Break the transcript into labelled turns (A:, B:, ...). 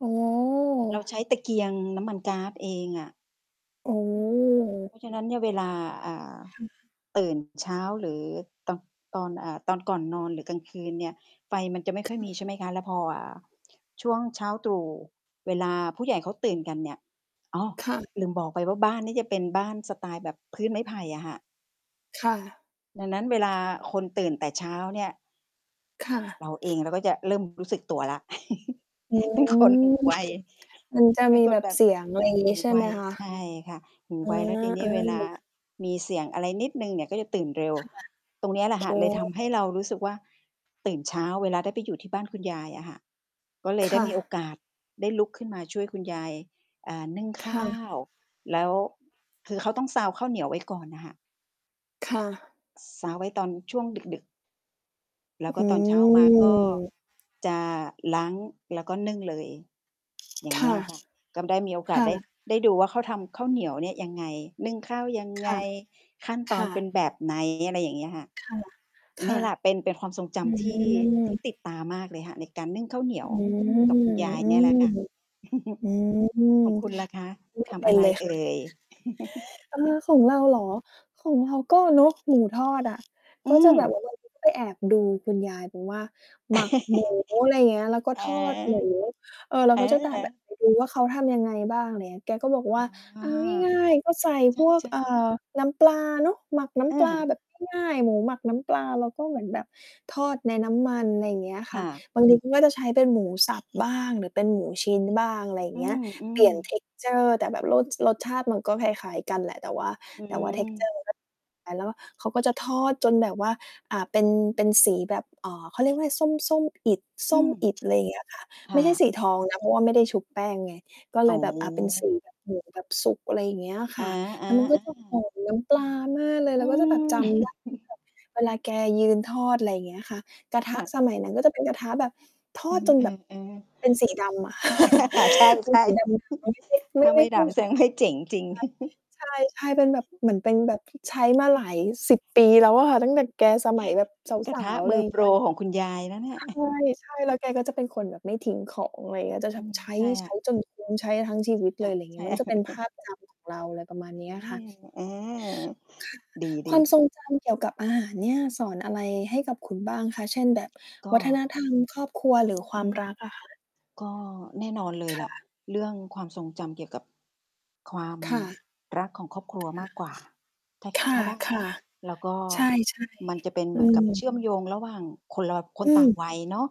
A: โอ้โ
B: เราใช
A: ฮ
B: ้ตะเกียงน้ำมันก๊าดเองอะ
A: โอ
B: เพ
A: ้
B: ราะฉะนั้นเนี่ยเวลา อ่า
A: ค่ะ
B: ตื่นเช้าหรือตอน ตอน อ่า ตอนก่อนนอนหรือกลางคืนเนี่ย ไฟมันจะไม่
A: ค
B: ค่
A: ่
B: อยมี ใช
A: ะ
B: ่ไหมคะ แล้วพอ อ่า ช่วงเช้าตรู่ เวลาผู้ใหญ่เขาตื่นกันเนี่ย อ๋อ
A: ค่ะ
B: ลืมบอกไปว่า บ้านนี้จะเป็นบ้านสไตล์แบบพื้นไม้ไผ่อะค่ะ
A: ค่ะ
B: ดังนั้นเวลาคนตื่นแต่เช้าเนี่ย
A: ค่
B: เราเอ
A: ะ
B: ง เราก็จะเริ่มรู้สึกตัวแล้ว
A: โอ้
B: เป็นคนหู ไว
A: มันจะ
B: เป็
A: ม
B: น
A: ี
B: ค
A: แ
B: น
A: บบ
B: แบบ
A: เสียง อะไร
B: ห
A: งี
B: ู
A: ้ใช่
B: ไว
A: ไหมคะ?
B: ใช่ค่ะ หู
A: อา
B: ไว แล้วทีนี้เวลา
A: ๆ
B: มีเสียงอะไรนิดหนึ่งเนี่ย ก็จะตื่นเร็ว
A: ค่ะ
B: ตรงเนี้ยแหล
A: โ
B: ะค่ะ
A: อ้
B: เลยทำให้เรารู้สึกว่า ตื่นเช้าเวลาได้ไปอยู่ที่บ้านคุณยายอะค่ะ ก็เล
A: ค
B: ยได้
A: ่
B: มีโอ
A: ะ
B: กาสได้ลุกขึ้นมาช่วยคุณยาย อ่า นึ่ง
A: ค
B: ข้
A: ่
B: า
A: ะ
B: ว แล้ว คือเขาต้องซาวข้าวเหนียวไว้ก่อนน่ะค่ะ
A: ค่ะ
B: ซาวไว้ตอนช่วง ดึก ๆ แล้
A: อ
B: วก็
A: ื
B: ตอน เช้ามาก็
A: ม
B: จะล้างแล้วก็นึ่งเลย อย่า
A: ค
B: งเงี
A: ่
B: ้
A: ะ
B: ยค่ะ ก็ได้มีโอก
A: ค
B: าส
A: ่
B: ได้
A: ะ
B: ได้ดูว่า เขาทำข้าวเหนียวเนี่ยยังไง นึ่งข้าวยัง
A: ค
B: ไง?
A: ่ะ
B: ขั้นต
A: ค
B: อน
A: ่
B: เป็น
A: ะ
B: แบบ ไหน? อะไรอย่างเงี้ยค่ะ
A: ค่ะ ค
B: เนี
A: ่
B: ่
A: ะ
B: ยแหละเป็น เป็นความทรงจ
A: อื
B: ำที่ ที่
A: ม
B: ติดตามากเลยค่ะ ในการนึ่งข้าวเหนี
A: อ
B: ย
A: ื
B: ว
A: ม
B: กับ คุณยาย
A: อื
B: เนี่ยแห
A: ม
B: ละค่ะ
A: อื
B: ขอ
A: ม
B: งคุณล่ะคะ
A: ไม
B: ท
A: ่เป
B: ำอ
A: ็
B: ะ
A: น
B: ไร
A: เลย
B: เอ่ย?
A: เออ ของเราเหรอ? ของเราก็เนาะ หมูทอดอะ
B: อื
A: ก็จะ
B: ม
A: แบบว่า บางทีก็ไปแอบดูคุณยายบอกว่า "หมักหมู" อะไรอย่างเงี้ย แล้วก็
B: เออ
A: ทอดหมู เออ เรา
B: เอ
A: ก็จะตามแบบ
B: อ
A: แอบไปดูว่า เขาทำยังไงบ้าง อะไรเงี้ย แกก็บอกว่า
B: อ
A: "เ
B: ๋อ
A: อาง่าย ๆ ก็ใส่
B: ใ
A: พวก
B: ช่
A: อ่า
B: ๆ
A: น้ำปลาเนาะ หมักน้
B: อื
A: ำปลา
B: ม
A: แบบง่าย ๆ หมูหมักน้ำปลา แล้วก็เหมือนแบบทอดในน้ำมัน" อะไรอย่างเงี้ย
B: ค
A: ค่
B: ่
A: ะ
B: ะ
A: บางทีเขาก็จะใช้เป็นหมูสับบ้าง หรือเป็นหมูชิ้นบ้าง อะไรอย่า
B: อ
A: ง
B: ื
A: เงี้ย เปลี
B: อ
A: ่ยน
B: ๆ
A: texture แต่แบบ ร รสชาติมันก็คล้าย ๆ กันแหละ แต่ว่า
B: อื
A: แต่ว่า
B: ม
A: texture แล้วก็เขาก็จะทอดจนแบบว่า อ่า เป็น เป็นสีแบบ อ่า เขาเรียกว่าอะไร ส้ม ส้มอิฐ ส
B: อื
A: ้ม
B: ม
A: อิฐ อะไรอย่างเงี้ยค่ะ
B: ค
A: ไ
B: ่
A: ม่ใช่ส
B: ะ
A: ีทองนะ เพราะว่าไม่ได้ชุบแป้งไง ก็เ
B: อ
A: ล
B: ๋
A: ย อะ เป็นส
B: อ
A: ีแบบหมูแบบสุก อะไรอย่างเงี้ยอะ
B: อ
A: ค
B: า
A: ่ะ
B: ๆ
A: แล้วมันก็
B: อ
A: จะหอ
B: า
A: มน้ำปลามากเลย
B: อ
A: เ
B: ื
A: ราก็จะแบบจ
B: ม
A: ำได้ว่าแบบเวลาแกยืนทอด อะไรอย่างเงี้ยค่ะ กระท
B: ค
A: ะ
B: ่ะ
A: สมัยนั้นก็จะเป็นกระทะ แบบท
B: อ
A: อดจนแบบ
B: ือ ๆ ๆ
A: เป็นสีดำอะ
B: ใช
A: เป็นส
B: ่
A: ีดำ
B: ๆ ถ
A: ไม
B: ้
A: ่
B: า
A: ได
B: ไม
A: ้
B: ่ดำ แสดงไม่เจ๋งจริง
A: ใช่ ๆ เป็นแบบเหมือนเป็นแบบ ใช้มาหลาย 10 ปีแล้วอะ ตั้งแต่แกสมัยแบบ
B: กร
A: ส
B: ะท
A: า
B: ะ
A: ว ๆ อ
B: ม
A: ะไ
B: ื
A: ร
B: อ
A: อย่า
B: โ
A: ง
B: ป
A: เง
B: ร
A: ี้ย
B: ของคุณยายนะเนี่ย
A: ใช่ ๆ แล้วแกก็จะเป็นคนแบบไม่ทิ้งของ อะไรอย่างเงี้ย จะ
B: อ
A: แ
B: ื
A: บบ
B: ม
A: ใ
B: ใช่ค
A: ช
B: ่
A: ้
B: ะ
A: ๆ จนคุ้ม ใช้ทั้งชี
B: ใช
A: ว
B: ่
A: ิต
B: ค
A: เล
B: ่ะ
A: ย อะไรอย่าง
B: ใ
A: ง
B: ช
A: ี้
B: ่
A: มันก็จะเป็นภาพจำของเรา อะไรประมาณเนี้
B: อื
A: ยค่
B: อ
A: ะ
B: อือ
A: ค่ะ
B: ด
A: คว
B: ี
A: าม ท
B: ๆ
A: รงจำ เกี่ยวกับอาหารเนี่ย สอนอะไรให้กับคุณบ้างคะ? เช่น แบบ
B: ก
A: ว
B: ็
A: ัฒนธรรมครอบครัว หรือคว
B: อ
A: า
B: ื
A: ม
B: ม
A: รักอะคะ?
B: ก็แน่นอนเลย
A: ค
B: ล
A: ่
B: ่ะ
A: ะ
B: เรื่องความทรงจำเกี่ยวกับความ
A: ค่ะ
B: รักของครอบครัวมากกว่า ถ้า
A: ค่ะ
B: ถ้าได้
A: ค่
B: น
A: ะ
B: ะ แล้วก็
A: ๆ ใช่
B: มันจะเป็น
A: ๆ อ
B: เ
A: ื
B: หมือนกับเช
A: ม
B: ื่อมโยงระหว่างคน ล ค
A: อ
B: น
A: ื
B: ต่าง
A: ม
B: วัยเนาะ